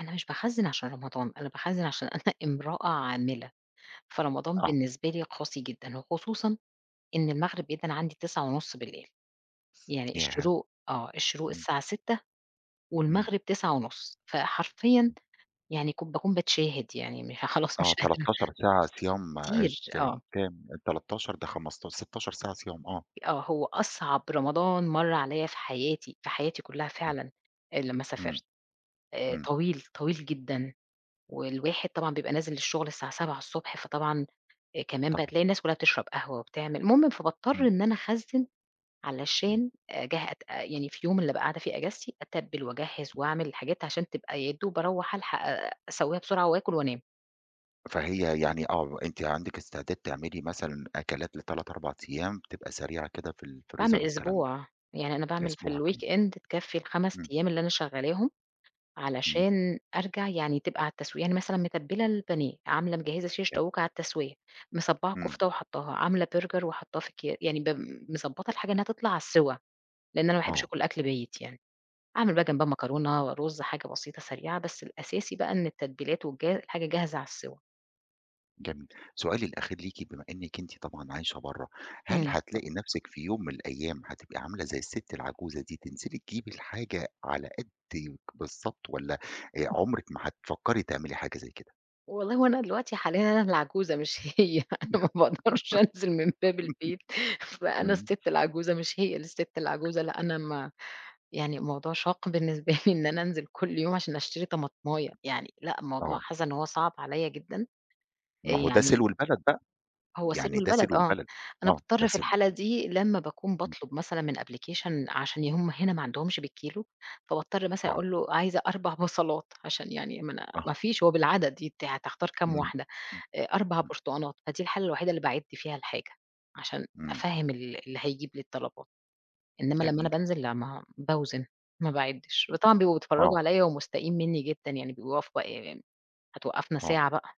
أنا مش باخَزّن عشان رمضان، أنا باخَزّن عشان أنا إمرأة عاملة، فرمضان آه. بالنسبة لي قاسي جدًا وخصوصًا، إن المغرب بيدَّن عندي 21:30، يعني ياه! الشروق آه، الشروق امم. الساعة 06:00 امم. والمغرب 21:30، فحرفيًا امم. يعني كُ باكون باتشاهد يعني م ها خلاص، آه، مش قادرة. 13 ساعة صيام كتير، إذا آه. كام 13 ده خمستا 16 ساعة صيام، آه. آه، هو أصعب رمضان مَر عليَّ في حياتي، في حياتي كلّها أ آه، فعلًا، آآ لمّا امم، سافرت، آآ امم. طويل، طويل جدًا، والواحد طبعًا بيبقى نازل الشغل الساعة 7:00 ص فطبعًا، آآ، كمان بقى طبعًا. تلاقي الناس كلّها بتشرب قهوة وبتعمل، المهم فباضطر إمم. إن أنا أخَزّن امم. علشان، أجه أت يعني في يوم اللي أبقى قاعدة فيه أجازتي، أتَبِّل وأجَهِّز [unintelligible] وأعمل الحاجات عشان تبقى يا دوب أرَوّح ألحق أسَوّيها بسرعة، وآكل وأنام. فهي يعني آه، أنتِ عندِك استعداد تعملي مثلًا أكلات ل3، 4 أيام، تبقى سريعة كده في باعمل الفريزر والكلام ده. أسبوع، يعني أنا باعمل في أسبوع كمان. الweekend تكفي ال5 إمم. أيام اللي أنا شغّالاهم، إمم. علشان أرجع يعني تبقى على التسوية. يعني مثلًا متبِّلة البانيه، عاملة مجهِّزة شيش كام؟ طاووق على التسوية، مصبّعة إمم. كفتة وحطّاها، عاملة برجر وحطّاه في أكيا يعني ب مضبّطة الحاجة إنها تطلع على السِّوى، لإن أنا ما باحبش آه. آكل أكل بايت يعني، أعمل بقى جنبها مكرونة ورُز حاجة بسيطة، سريعة، بس الأساسي بقى إن التتبيلات والجا الحاجة جاهزة على السِّوى. جميل. سؤالي الأخير ليكِ بما إنِّك أنتِ طبعًا عايشة برّه، هل امم. اتفضل. هتلاقي نفْسك في يوم من الأيام، هتبقى عاملة زي الست العجوزة دي، تنزلي تجيبي الحاجة على قدِّك بالضبط والّا آآ، [unintelligible] عمرِك ما هتفكّري تعملي حاجة زي كده؟ والله هو أنا دلوقتي حاليًا أنا اللي عجوزة مش هي، أنا ما بأقدرش أنزل من باب البيت، فأنا إمم. الست العجوزة مش هي اللي الست العجوزة، لأ أنا ما يعني موضوع شاق بالنسبة لي إن أنا أنزل كلّ يوم عشان أشتري طماطماية، يعني لأن الموضوع آه. حاسّة إن هو صعب عليَّ جدًا، آآ، ما هو ده يعني سلو البلد بقى، هو يعني سلو ده البلد سلو آه، البلد، أنا آه، ده باضطر في سلو. الحالة دي لمّا باكون امم. باطلب مثلًا من أبلكيشن عشان ي هُم هنا ما عندهمش بالكيلو، فباضطر مثلًا آه. أقول له عايزة 4 بصلات عشان يعني منا آه. مافيش هو بالعدد ي ت هتختار كام إمم، واحدة؟ امم، آآ، 4 امم. برتقانات، فدي الحالة الوحيدة اللي باعِد فيها الحاجة، عشان إمم. أفَهّم ال اللي هيجيب لي الطلبات. إنما لمّا أنا جميل. بانزل لا ما باوزن، ما باعِدّش، وطبعًا بيبقوا آه. بيتفرّجوا عليَّ ومُستائين منّي جدًا، يعني بيبقوا واقفة ي ي هتوقّفنا آه. ساعة بقى.